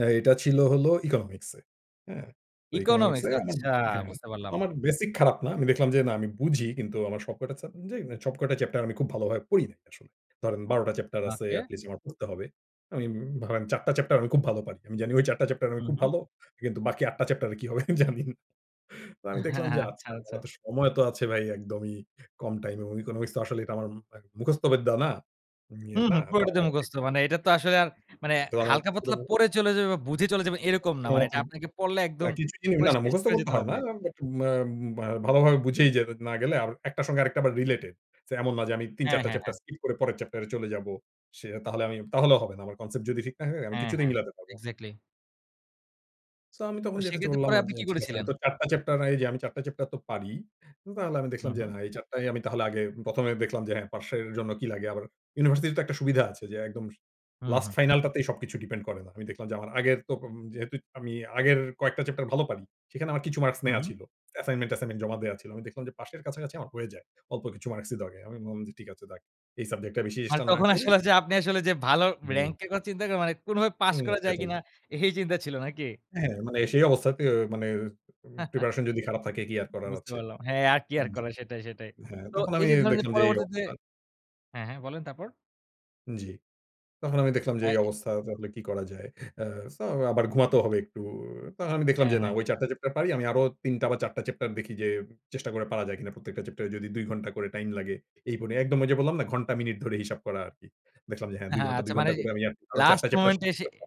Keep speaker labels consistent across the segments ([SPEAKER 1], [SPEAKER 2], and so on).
[SPEAKER 1] এ এটা ছিল হল ইকোনমিক্সে। হ্যাঁ, তো
[SPEAKER 2] economics
[SPEAKER 1] ইকোনমিক্সে আমার
[SPEAKER 2] আচ্ছা
[SPEAKER 1] হ্যাঁ,
[SPEAKER 2] বুঝতে
[SPEAKER 1] তো
[SPEAKER 2] পারলাম।
[SPEAKER 1] আমার বেসিক খারাপ না। আমি দেখলাম যে না আমি বুঝি কিন্তু আমার সব কটা সাবজে সব কয়টা চ্যাপ্টার আমি খুব ভালোভাবে পড়ি নাই আসলে। ধরেন ১২ টা চ্যাপ্টার আছে
[SPEAKER 2] ওকে।
[SPEAKER 1] এটলিস্ট আমার পড়তে হবে। আমি ধরেন ৪ টা চ্যাপ্টার, আমি খুব ভালো পারি। আমি জানি ওই ৪ টা চ্যাপ্টার আমি
[SPEAKER 2] হুম,
[SPEAKER 1] খুব
[SPEAKER 2] হুম।
[SPEAKER 1] ভালো। কিন্তু বাকি ৮ টা চ্যাপ্টার কি হবে জানি। তো আমি
[SPEAKER 2] হ্যাঁ,
[SPEAKER 1] দেখলাম যে
[SPEAKER 2] হ্যাঁ। আচ্ছা,
[SPEAKER 1] আচ্ছা
[SPEAKER 2] আচ্ছা।
[SPEAKER 1] আমার তো সময় তো আছে ভাই একদমই কম টাইম এবং ইকোনমিক্স আসলে এটা আমার উম মুখস্থ বিদ্যা না। ইয়ের
[SPEAKER 2] হুম,
[SPEAKER 1] না।
[SPEAKER 2] হুম পুরটাতে
[SPEAKER 1] [unintelligible]
[SPEAKER 2] মুখস্থ মানে এটা তো আসলে আর মানে
[SPEAKER 1] তো আমার পুরো
[SPEAKER 2] হালকা-পাতলা
[SPEAKER 1] মু
[SPEAKER 2] পড়ে চলে যাবে বা বুঝে চলে যাবে এরকম না।
[SPEAKER 1] কোন
[SPEAKER 2] মানে এটা
[SPEAKER 1] মতন
[SPEAKER 2] আপনাকে পড়লে
[SPEAKER 1] না
[SPEAKER 2] একদম
[SPEAKER 1] কিছু জিনি,
[SPEAKER 2] পুরো
[SPEAKER 1] না, না
[SPEAKER 2] শেষ
[SPEAKER 1] মুখস্থ
[SPEAKER 2] করে
[SPEAKER 1] করতে
[SPEAKER 2] যেতে
[SPEAKER 1] হয়
[SPEAKER 2] হবে।
[SPEAKER 1] না। বাট ম্যা ম বা ভালো ভাবে বুঝেই যে না গেলে আর একটার সঙ্গে আরেকটা আবার রিলেটেড। যে এমন না যে আমি ৩
[SPEAKER 2] হ্যাঁ,
[SPEAKER 1] ৪ টা
[SPEAKER 2] হ্যাঁ,
[SPEAKER 1] চ্যাপ্টার
[SPEAKER 2] হ্যাঁ।
[SPEAKER 1] স্কিপ করে পরের চ্যাপ্টার এ চলে যাবো। সে তাহলে আমি, তাহলেও হবে না। আমার concept যদি ঠিক না হয় আমি
[SPEAKER 2] হ্যাঁ,
[SPEAKER 1] কিছুতেই
[SPEAKER 2] হ্যাঁ
[SPEAKER 1] মিলাতে পারব না।
[SPEAKER 2] এক্সাক্টলি।
[SPEAKER 1] সো আমি
[SPEAKER 2] তো
[SPEAKER 1] তখন যেটা চিন্তা
[SPEAKER 2] সেক্ষেত্রে
[SPEAKER 1] করলাম
[SPEAKER 2] পরে আপনি
[SPEAKER 1] যে
[SPEAKER 2] কী
[SPEAKER 1] ঠিক আছে, আমি
[SPEAKER 2] করেছিলেন?
[SPEAKER 1] তো আর ৪ টা চ্যাপ্টার এই যে আমি ৪ টা চ্যাপ্টার তো পারি। তাহলে আমি দেখলাম
[SPEAKER 2] হুম,
[SPEAKER 1] যে
[SPEAKER 2] হুম।
[SPEAKER 1] না এই ৪ টাই আমি তাহলে আগে ১ম, এ দেখলাম যে হ্যাঁ, পাসের জন্য কি লাগে আবার ইউনিভার্সিটি তে তো একটা সুবিধা আছে, যে একদম
[SPEAKER 2] হুম,
[SPEAKER 1] লাস্ট
[SPEAKER 2] হুম।
[SPEAKER 1] ফাইনালটাতেই সবকিছু ডিপেন্ড করে না। আমি দেখলাম যে আমার আগের তপ যেহেতু আমি আগের কয়েকটা চ্যাপ্টার ভালো পারি। সেখানে আমার কিছু মার্কস
[SPEAKER 2] হুম,
[SPEAKER 1] নেয়া
[SPEAKER 2] হুম।
[SPEAKER 1] ছিল। অ্যাসাইনমেন্ট-টাইমেন্ট জমা দেওয়া ছিল। আমি দেখলাম যে পাশের কাছাকাছি আমার হয়ে যায়। অল্প কিছু মার্কসই লাগে। আমি বললাম যে ঠিক আছে, যাক এই সাবজেক্টটা বেশি
[SPEAKER 2] মানে
[SPEAKER 1] চেষ্টা না
[SPEAKER 2] তখন
[SPEAKER 1] করি।
[SPEAKER 2] আসলে যে আপনি আসলে যে ভালো
[SPEAKER 1] হুম।
[SPEAKER 2] র‍্যাংক এর কথা চিন্তা করেন, মানে কোনভাবে পাস
[SPEAKER 1] উম
[SPEAKER 2] করা যায়
[SPEAKER 1] সেটাই।
[SPEAKER 2] কিনা এই চিন্তা ছিল নাকি?
[SPEAKER 1] হ্যাঁ, মানে এ সেই অবস্থাতে মানে উম প্রিপারেশন যদি খারাপ থাকে কি আর করার
[SPEAKER 2] বুঝতে
[SPEAKER 1] আছে।
[SPEAKER 2] পারলাম। হ্যাঁ আর কি আর
[SPEAKER 1] হুম।
[SPEAKER 2] করা সেটাই, সেটাই।
[SPEAKER 1] হ্যাঁ,
[SPEAKER 2] তো
[SPEAKER 1] তখন
[SPEAKER 2] এই
[SPEAKER 1] আমি
[SPEAKER 2] যে ধরেন যে
[SPEAKER 1] দেখলাম যে এই
[SPEAKER 2] পরবর্তীতে
[SPEAKER 1] অবস্থা।
[SPEAKER 2] হ্যাঁ, হ্যাঁ বলেন তারপর?
[SPEAKER 1] জ্বি। তখন আমি দেখলাম যে এই
[SPEAKER 2] আই
[SPEAKER 1] অবস্থা তাহলে কি করা যায়? আ সো আবার ঘুমাতেও হবে একটু। তো আমি দেখলাম
[SPEAKER 2] হ্যাঁ,
[SPEAKER 1] যে না
[SPEAKER 2] হ্যাঁ।
[SPEAKER 1] ঐ ৪ টা চ্যাপ্টার পারি আমি আরো ৩ টা বা ৪ টা চ্যাপ্টার দেখি যে চেষ্টা করে পারা যায় কিনা। প্রত্যেকটা চ্যাপ্টার এ যদি ২ ঘণ্টা করে টাইম লাগে। এই বলে একদম ওই যে বললাম না ঘন্টা মিনিট ধরে হিসাব করা আরকি। দেখলাম যে হ্যাঁ,
[SPEAKER 2] হ্যাঁ,
[SPEAKER 1] ২
[SPEAKER 2] হ্যাঁ,
[SPEAKER 1] ঘন্টা
[SPEAKER 2] আচ্ছা
[SPEAKER 1] ২
[SPEAKER 2] মানে
[SPEAKER 1] ঘন্টা করে আমি আর আরো ৪ টা
[SPEAKER 2] লাস্ট
[SPEAKER 1] চ্যাপ্টার
[SPEAKER 2] মোমেন্ট
[SPEAKER 1] শেষ
[SPEAKER 2] এ
[SPEAKER 1] করতে
[SPEAKER 2] এসে
[SPEAKER 1] পারব।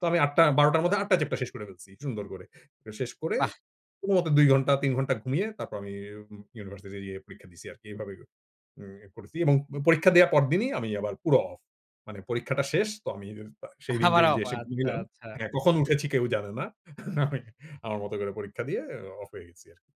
[SPEAKER 1] তো আমি ৮ টা ১২ টার
[SPEAKER 2] তো
[SPEAKER 1] মধ্যে ৮ টা চ্যাপ্ট টা শেষ করে ফেলছি সুন্দর করে। তো শেষ করে
[SPEAKER 2] বাহ!
[SPEAKER 1] কোনমতে ২ ঘন্টা ৩ ঘণ্টা ঘুমিয়ে তারপর আমি উম ইউনিভার্সিটি যেয়ে পরীক্ষা দিছি আরকি। এভাবে উম করেছি এবং উম পরীক্ষা দেওয়ার পরদিনই আমি আবার পুরো অফ মানে পরীক্ষাটা শেষ তো আমি [unintelligible] সেইদিন যে
[SPEAKER 2] আবার অফ
[SPEAKER 1] এসে ঘুম
[SPEAKER 2] আচ্ছা,
[SPEAKER 1] দিলাম
[SPEAKER 2] আচ্ছা।
[SPEAKER 1] হ্যাঁ কখন উঠেছি কেউ জানে না। আমি আমার মত করে পরীক্ষা দিয়ে অ অফ হয়ে গেছি আরকি।